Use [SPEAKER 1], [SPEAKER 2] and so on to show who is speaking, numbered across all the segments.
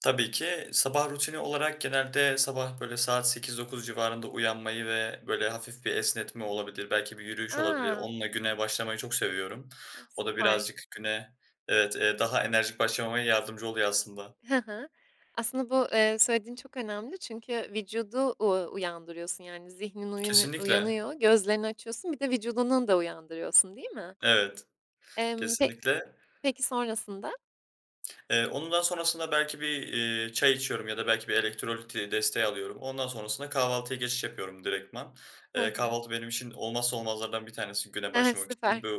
[SPEAKER 1] Tabii ki. Sabah rutini olarak genelde sabah, böyle, saat 08:00-09:00 civarında uyanmayı ve, böyle, hafif bir esnetme olabilir, belki bir yürüyüş olabilir,
[SPEAKER 2] A!
[SPEAKER 1] onunla güne başlamayı çok seviyorum.
[SPEAKER 2] E,
[SPEAKER 1] O da
[SPEAKER 2] süper.
[SPEAKER 1] birazcık güne, evet, daha enerjik başlamama yardımcı oluyor aslında.
[SPEAKER 2] Hı hı. Aslında bu, eee, söylediğin çok önemli çünkü vücudu u uyandırıyorsun. Yani, zihnin uyan
[SPEAKER 1] Kesinlikle.
[SPEAKER 2] uyanıyor, gözlerini açıyorsun, bir de vücudunun da uyandırıyorsun, değil mi?
[SPEAKER 1] Evet.
[SPEAKER 2] Emm, pe
[SPEAKER 1] Kesinlikle.
[SPEAKER 2] peki sonrasında?
[SPEAKER 1] Iıı, onun daha sonrasında belki bir, iii, çay içiyorum ya da belki bir elektrolit desteği alıyorum. Ondan sonrasında kahvaltıya geçiş yapıyorum direktman.
[SPEAKER 2] Hı
[SPEAKER 1] Eee,
[SPEAKER 2] hı.
[SPEAKER 1] kahvaltı benim için olmazsa olmazlardan bir tanesi güne başlamak için.
[SPEAKER 2] Süper.
[SPEAKER 1] Bö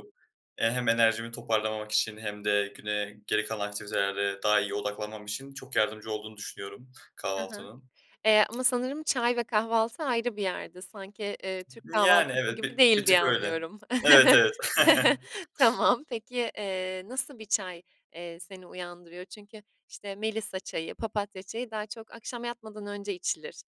[SPEAKER 1] eee, hem enerjimi toparlamak için hem de güne, geri kalan aktivitelere daha iyi odaklanmam için çok yardımcı olduğunu düşünüyorum
[SPEAKER 2] Hı hı.
[SPEAKER 1] kahvaltının.
[SPEAKER 2] Eee, ama sanırım çay ve kahvaltı ayrı bir yerde sanki, eee, türk
[SPEAKER 1] Yani,
[SPEAKER 2] kahvaltısı
[SPEAKER 1] evet
[SPEAKER 2] gibi
[SPEAKER 1] bi
[SPEAKER 2] değil
[SPEAKER 1] bir
[SPEAKER 2] diye
[SPEAKER 1] tık öyle.
[SPEAKER 2] anlıyorum.
[SPEAKER 1] Evet, evet.
[SPEAKER 2] Tamam, peki. Eee, nasıl bir çay, eee, seni uyandırıyor? Çünkü, işte, melisa çayı, papatya çayı daha çok akşam yatmadan önce içilir.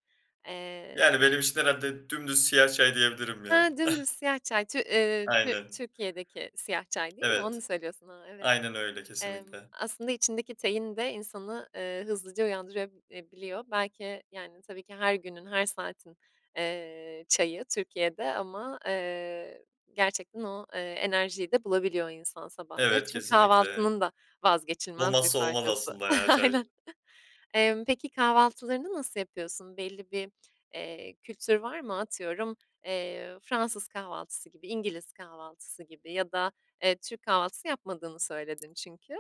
[SPEAKER 2] Eee
[SPEAKER 1] Yani, benim için herhâlde dümdüz siyah çay diyebilirim, ya.
[SPEAKER 2] Hıı, dümdüz siyah çay, Tü ,eee, Tü
[SPEAKER 1] Aynen.
[SPEAKER 2] Türkiye'deki siyah çay, değil mi? Onu
[SPEAKER 1] Evet.
[SPEAKER 2] söylüyorsun, aaa, evet.
[SPEAKER 1] Aynen öyle,
[SPEAKER 2] Emm,
[SPEAKER 1] kesinlikle.
[SPEAKER 2] aslında içindeki tein de insanı, ııı, hızlıca uyandırabiliyor. Belki, yani, tabii ki her günün, her saatin, eee, çayı Türkiye'de ama, eee, gerçekten o, eee, enerjiyi de bulabiliyor insan sabahları,
[SPEAKER 1] Evet,
[SPEAKER 2] çünkü
[SPEAKER 1] kesinlikle.
[SPEAKER 2] kahvaltının da vazgeçilmez bir
[SPEAKER 1] Olmazsa olmaz
[SPEAKER 2] parçası.
[SPEAKER 1] aslında, ya, çay.
[SPEAKER 2] Aynen. Emm, peki kahvaltılarını nasıl yapıyorsun? Belli bir, eee, kültür var mı? Atıyorum, eee, Fransız kahvaltısı gibi, İngiliz kahvaltısı gibi ya da, eee, Türk kahvaltısı yapmadığını söyledin çünkü.